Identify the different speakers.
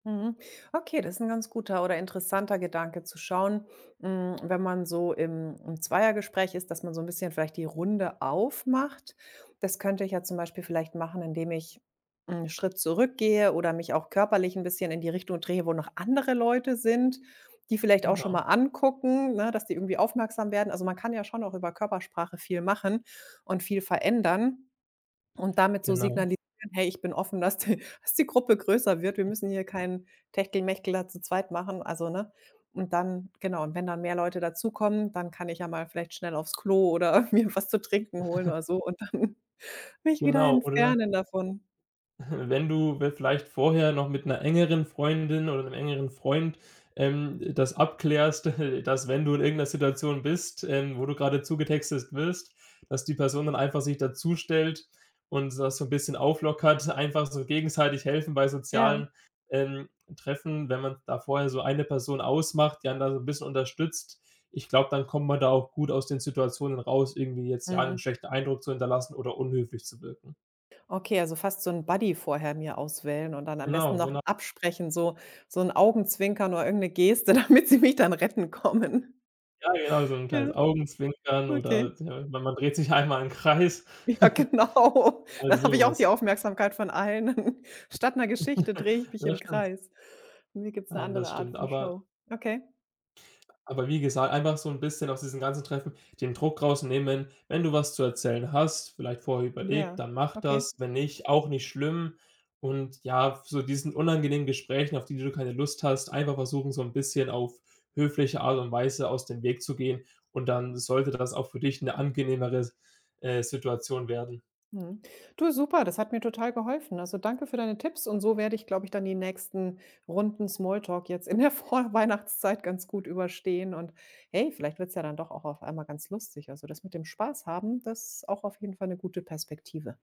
Speaker 1: Mhm, okay, das ist 'n ganz guter oder interessanter Gedanke zu schauen, hm, wenn man so im im Zweiergespräch ist, dass man so 'n bisschen vielleicht die Runde aufmacht. Das könnte ich ja zum Beispiel vielleicht machen, indem ich 'n Schritt zurückgehe, oder mich auch körperlich 'n bisschen in die Richtung drehe, wo noch andere Leute sind, die vielleicht auch schon
Speaker 2: Genau.
Speaker 1: mal angucken, ne, dass die irgendwie aufmerksam werden. Also, man kann ja schon auch über Körpersprache viel machen und viel verändern und damit so
Speaker 2: Genau.
Speaker 1: signalisieren: „Hey, ich bin offen, dass die dass die Gruppe größer wird.“ Wir müssen hier keinen Techtelmechtel da zu zweit machen, also ne? Und dann genau, und wenn dann mehr Leute dazukommen, dann kann ich ja mal vielleicht schnell aufs Klo, oder mir was zu trinken holen, oder so und dann mich wieder
Speaker 2: Genau, oder
Speaker 1: entfernen davon.
Speaker 2: Wenn du w vielleicht vorher noch mit 'ner engeren Freundin oder 'nem engeren Freund, ähm, das abklärst, dass wenn du in irgend 'ner Situation bist, ähm, wo du gerade zugetextet wirst, dass die Person dann einfach sich dazustellt und das so 'n bisschen auflockert, einfach so gegenseitig helfen bei
Speaker 1: Ja.
Speaker 2: sozialen, ähm, Treffen, wenn man da vorher so 1 Person ausmacht, die einen da so 'n bisschen unterstützt, ich glaube, dann kommt man da auch gut aus den Situationen raus, irgendwie jetzt ja 'n
Speaker 1: Mhm.
Speaker 2: schlechten Eindruck zu hinterlassen oder unhöflich zu wirken.
Speaker 1: Okay, also fast so 'n Buddy vorher mir auswählen und dann am besten
Speaker 2: Genau,
Speaker 1: noch
Speaker 2: gena
Speaker 1: absprechen, so so 'n Augenzwinker oder irgend 'ne Geste, damit sie mich dann retten kommen.
Speaker 2: Ja, genau so 'n
Speaker 1: Ja,
Speaker 2: kleines Augenzwinkern oder
Speaker 1: okay.
Speaker 2: [unintelligible] man man dreht sich einmal im Kreis.
Speaker 1: Ja genau,
Speaker 2: Also,
Speaker 1: dann habe ich auch
Speaker 2: sowas.
Speaker 1: die Aufmerksamkeit von allen. Statt 'ner Geschichte drehe ich mich
Speaker 2: Ja
Speaker 1: im
Speaker 2: stimmt.
Speaker 1: Kreis. Mir gibt's 'ne
Speaker 2: Nein,
Speaker 1: andere
Speaker 2: das
Speaker 1: Art
Speaker 2: stimmt,
Speaker 1: von
Speaker 2: aber
Speaker 1: Show. Okay.
Speaker 2: Aber wie gesagt, einfach so 'n bisschen aus diesem ganzen Treffen den Druck rausnehmen, wenn wenn du was zu erzählen hast, vielleicht vorher überlegt,
Speaker 1: Ja,
Speaker 2: dann mach
Speaker 1: okay.
Speaker 2: das, wenn nicht, auch nicht schlimm Und ja, f so diesen unangenehmen Gesprächen, auf die du keine Lust hast, einfach versuchen, so 'n bisschen auf höfliche Art und Weise aus dem Weg zu gehen und dann sollte dann das auch für dich 'ne angenehmere S äh, Situation werden.
Speaker 1: Mhm, du super, das hat mir total geholfen. Also, danke für deine Tipps. Und so werde ich, glaube ich, dann die nächsten Runden Smalltalk jetzt in der Vorweihnachtszeit ganz gut überstehen und hey, vielleicht wird's ja dann doch auch auf einmal ganz lustig. Also, das mit dem Spaß haben, das auch auf jeden Fall 'ne gute Perspektive.